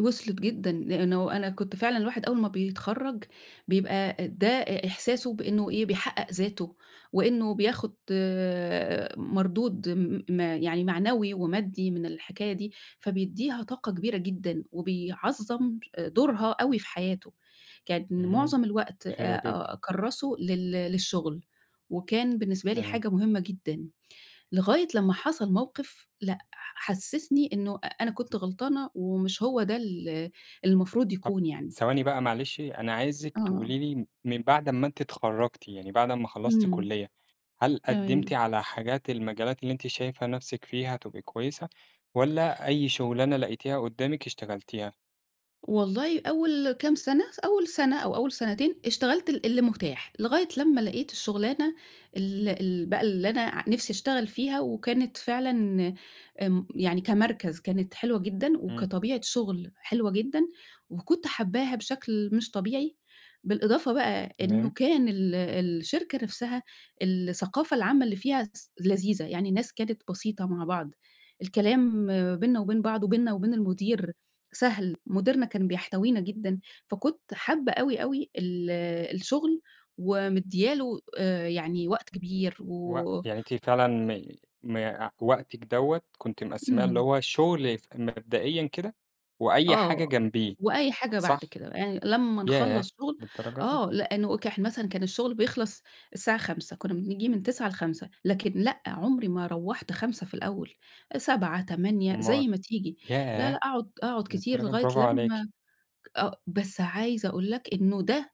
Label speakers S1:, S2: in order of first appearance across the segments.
S1: وصلِت جدًا، لأنه أنا كنت فعلًا الواحد أول ما بيتخرَّج بيبقى ده إ إحساسه بإنه إيه بيحقق ذاته، وإنه بياخد مردود م م يعني معنوي ومادّي من الحكاية دي، فبيديها طاقة كبيرة جدًا وبيعظَّم دورها أوي في حياته، كان
S2: امم،
S1: معظَم الوقت آآ،
S2: حلو جدًا.
S1: أ أكرّسُه لل للشغل، وكان بالنسبة لي
S2: تمام.
S1: حاجة مهمة جدًا. لغاية لمّا حصل موقف لأ، ح حسسني إنه أنا كنت غلطانة ومش هو ده ال المفروض
S2: طب
S1: يكون يعني.
S2: ثواني بقى معلش، أنا عايزِك
S1: آه.
S2: تقولي لي من بعد ما أنتِ اتخرجتِ، يعني بعد ما خلّصتِ
S1: إمم،
S2: كلية، هل قدّمتِ
S1: تمام.
S2: على حاجات المجالات اللي أنتِ شايفة نَفْسِك فيها تبقي كويسة، والّا أي شغلانة لقيتيها قدّامِك اشتغلتيها؟
S1: والله أول كام سنة، س أول سنة أو أول سنتين اشتغلت ال اللي متاح، لغاية لمّا لقيت الشغلانة ال ال بقى اللي أنا ع نِفْسي اشتغل فيها، وكانت فعلًا آمم، يعني كمركز كانت حلوة جدًا،
S2: إمم.
S1: وكطبيعة شغل حلوة جدًا، وكُنت حابّاها بشكل مش طبيعي، بالإضافة بقى إنه
S2: تمام.
S1: كان ال الشركة نَفْسها الثقافة العامة اللي فيها س لذيذة، يعني الناس كانت بسيطة مع بعض، الكلام بيننا وبين بعض وبيننا وبين المدير سهل، مديرنا كان بيحتوينا جدًا، فكُنت حابّة أوي، أوي ال الشغل ومدّية له آآ، يعني وقت كبير
S2: و
S1: و
S2: يعني أنتِ فعلًا م م وقتِك دوّة كنت مقسّماه اللي
S1: اهم.
S2: هو الشغل ف مبدئيًا كده، وأي حاجة
S1: آه،
S2: جنبيه،
S1: وأي حاجة بعد
S2: صح؟
S1: كده، يعني لمّا
S2: ياه!
S1: نخلَّص شغل
S2: للدرجة دي!
S1: آه، لأنه كح مثلًا كان الشغل بيخلص الساعة 17:00، كنّا بنيجي من 09:00 ل17:00، لكن لأ، عمري ما روَّحت 17:00 في الأول، 19:00 20:00
S2: أومال؟
S1: زي ما تيجي، لا، لا،
S2: ياه!
S1: أقعد أقعد كتير
S2: للدرجة
S1: لغاية
S2: برافو عليكِ!
S1: لمّا آه، بس عايزة أقول لك إنه ده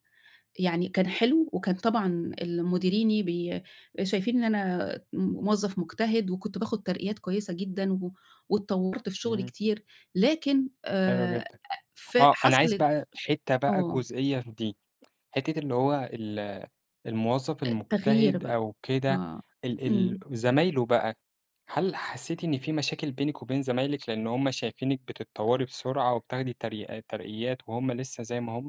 S1: يعني كان حلو، وكان طبعًا ال مديريني بي شايفين إن أنا موظف مجتهد، وكنت باخد ترقيات كويسة جدًا و واتطوّرت في شغلي
S2: إمم.
S1: كتير، لكن
S2: حلو
S1: آآ،
S2: جدًا،
S1: ف
S2: آه، أنا عايز
S1: حصلِت
S2: بقى حتّة بقى
S1: آه.
S2: جزئية في دي، حتّة اللي هو ال الموظف
S1: آآ تغيير
S2: المجتهد
S1: بقى،
S2: أو كده،
S1: آه،
S2: ال ال
S1: إمم.
S2: زمايله بقى، هل حسيتِ إن في مشاكل بينِك وبين زمايلِك لأن هُم شايفينِك بتتطوّري بسرعة وبتاخدي تريقا ترقيات وهُم لسّه زي ما هُم؟